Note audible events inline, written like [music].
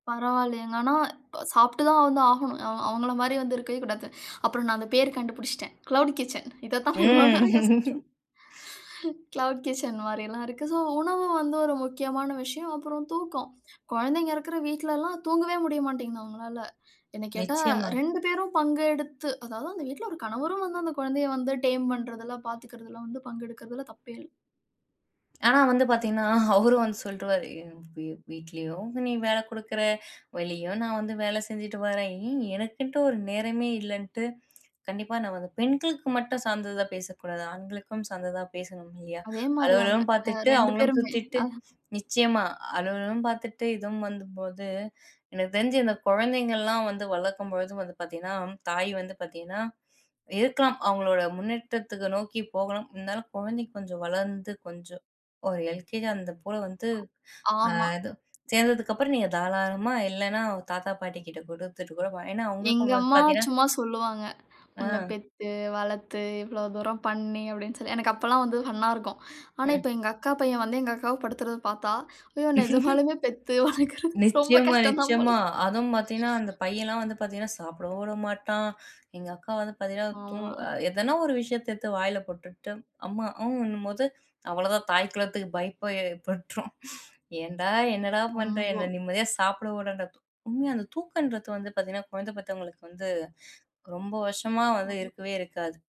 பரவாயில்லயேங்க. ஆனா, இப்ப சாப்பிட்டு தான் வந்து ஆகணும். அவ அவங்கள மாரி வந்து இருக்கவே கூடாது. அப்புறம் நான் அந்த பேர் கண்டுபிடிச்சுட்டேன். க்ளவுட் கிட்சன் இத தான் நான் இவ்ளோ நேரம் ம். யோசிட்ருந்தேன். [chuckles] க்ளவுட் கிட்சன் மாரில்லா இருக்கு. சோ, உணவு வந்து ஒரு முக்கியமான விஷயம். அப்புறம் தூக்கம். கொழந்தைங்க இருக்கிற வீட்லல்லா தூங்கவே முடிய மாட்டேன்ங்கிது அவங்களால. என்ன கேட்டா நிச்சியமா. 2 பேரும் பங்கு எடுத்து. அதாவது, அந்த வீட்ல ஒரு கணவரும் வந்து, அந்த கொழந்தைய வந்து டேம் பண்றதிலா பார்த்துக்கிறதுல வந்து பங்கு எடுக்கிறதுல தப்பே இல்ல. ஆனா வந்து பார்த்தீங்கன்னா, அவரும் வந்து சொல்ட்ருவாரு, என் வீ வீட்லயும் நீ வேல குடுக்கற, வெளியும் நான் வந்து வேல செஞ்சுட்டு வரேன். ஏ எனக்குன்ட்டு ஒரு நேரமே இல்லைன்ட்டு. கண்டிப்பா, நான் வந்து பெண்களுக்கு மட்டும் சார்ந்ததா பேசக்கூடாது, ஆண்களுக்கும் சார்ந்ததா பேசணும், இல்லையா? அதே மாரி தாங்க. அலுவலகமும் ஆ பார்த்துட்டு, 2 அவங்களும் பேருமே. சுத்திட்டு ஆ. நிச்சியமா, அலுவலகமும் பார்த்துட்டு, இதுவும் வந்து போது எனக்கு தெரிஞ்சு இந்த கொழந்தைங்கள்லாம் வந்து வளர்க்கும்பொழுது வந்து பார்த்தீங்கன்னா, தாய் வந்து பார்த்தீங்கன்னா, இருக்கலாம். அவங்களோட முன்னேற்றத்துக்கு நோக்கி போகணும், இருந்தாலும் கொழந்தைங்க கொஞ்சம் வளர்ந்து, கொஞ்சம் ஒரு எல்கேஜி அந்தபோல வந்து, ஆ ஆமா. [clicks tongue] இது சேர்ந்ததுக்கப்புறம் நீங்க தாராளமா, இல்லன்னா தாத்தா, பாட்டி கிட்ட குடுத்துட்டு கூட ஏனா, அவங்களுக்கும் எங்கம்மா பார்த்தீங்கன்னா, சும்மா சொல்லுவாங்க. உன்னப் ஆ. பெத்து, வளர்த்து, இவ்ளோ தூரம் பண்ணி அப்டின்னு சொல்லி. எனக்கு அப்பல்லா வந்து ஃபன்னா இருக்கும். ஆனா, ம். இப்ப எங்கக்கா பையன் வந்து, எங்கக்காவ படுத்துறத பார்த்தா, ஐயோ! [laughs] நெஜமாலுமே பெத்து, வளர்க்கிறது ரொம்ப நிச்சியமா, கஷ்டம் தான் போல. நிச்சியமா. அதும் பார்த்தீங்கன்னா, அந்த பையன்லா வந்து பார்த்தீங்கன்னா, சாப்பிடவும் வுட மாட்டான். எங்கக்கா வந்து பார்த்தீங்கன்னா, தூங் ஆமா. எதனா ஒரு விஷயத்த எடுத்து வாயில போட்டுட்டு, அம்மா ஊன்னும் போது அவ்வளோதான் தாய் குளத்துக்கு பயப்பே [chuckles] ஏற்பற்றும். ஏன்டா, என்னடா பண்ற ரொம்போ. என்ன நிம்மதியா சாப்பிட உடேண்டா. உண்மையா அந்த தூக்கன்றது வந்து பார்த்தீங்கன்னா, கொழந்த பெத்தவங்களுக்கு வந்து, ரொம்ப வருஷமா ம், வந்து ம். இருக்கவே இருக்காது.